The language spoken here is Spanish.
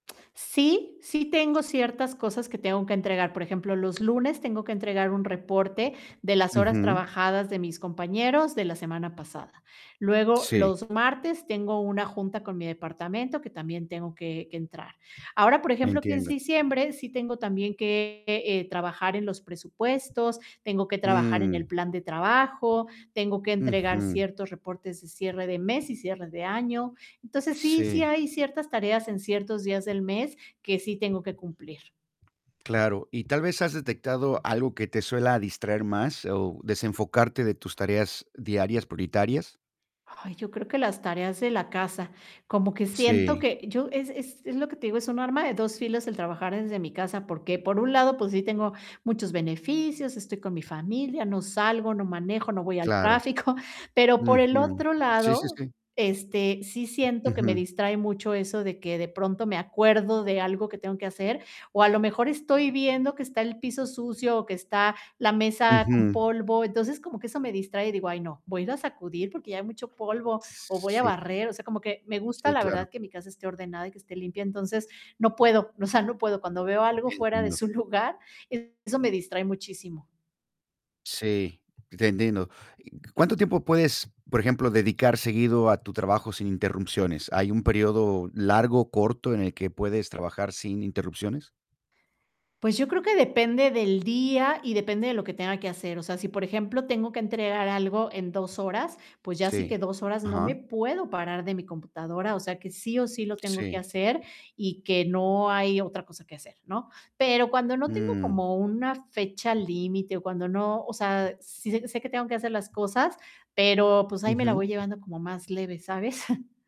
Sí, sí tengo ciertas cosas que tengo que entregar. Por ejemplo, los lunes tengo que entregar un reporte de las horas Ujú. trabajadas de mis compañeros de la semana pasada. Luego, Sí. los martes tengo una junta con mi departamento que también tengo que que entrar. Ahora, por ejemplo, que es Entiendo. diciembre, sí tengo también que, eh, trabajar en los presupuestos, tengo que trabajar en el Mm. plan de trabajo, tengo que entregar Ujú. ciertos reportes de cierre de mes y cierre de año. Entonces, sí, sí Sí. hay ciertas tareas en ciertos días del mes que sí tengo que cumplir. Claro, ¿y tal vez has detectado algo que te suela distraer más o desenfocarte de tus tareas diarias prioritarias? Ay, yo creo que las tareas de la casa. Como que siento Sí. que yo es es es lo que te digo, es un arma de 2 filos el trabajar desde mi casa, porque por un lado, pues sí, tengo muchos beneficios, estoy con mi familia, no salgo, no manejo, no voy al Claro. tráfico. Pero por el Ujú. otro Sí, sí, lado, sí. este, sí siento que me Ujú. distrae mucho eso de que de pronto me acuerdo de algo que tengo que hacer, o a lo mejor estoy viendo que está el piso sucio o que está la mesa con Ujú. polvo. Entonces, como que eso me distrae y digo: "Ay, no, voy a ir a sacudir porque ya hay mucho polvo o voy a Sí. barrer". O sea, como que me gusta Sí, la claro. verdad que mi casa esté ordenada y que esté limpia. Entonces, no puedo. O sea, no puedo. Cuando veo algo fuera de Entiendo. su lugar, eso me distrae muchísimo. Sí, te entiendo, ¿cuánto tiempo puedes, por ejemplo, dedicar seguido a tu trabajo sin interrupciones? ¿Hay un periodo largo o corto en el que puedes trabajar sin interrupciones? Pues, yo creo que depende del día y depende de lo que tenga que hacer. O sea, si por ejemplo tengo que entregar algo en 2 horas, pues, ya sí Sí que 2 horas, no me Ajá. puedo parar de mi computadora. O sea, que sí o sí lo tengo que Sí. hacer y que no hay otra cosa que hacer, ¿no? Pero cuando no tengo Mm. como una fecha límite o cuando no o sea, sí sé sé que tengo que hacer las cosas, pero pues, ahí me la voy Ujú. llevando como más leve, ¿sabes?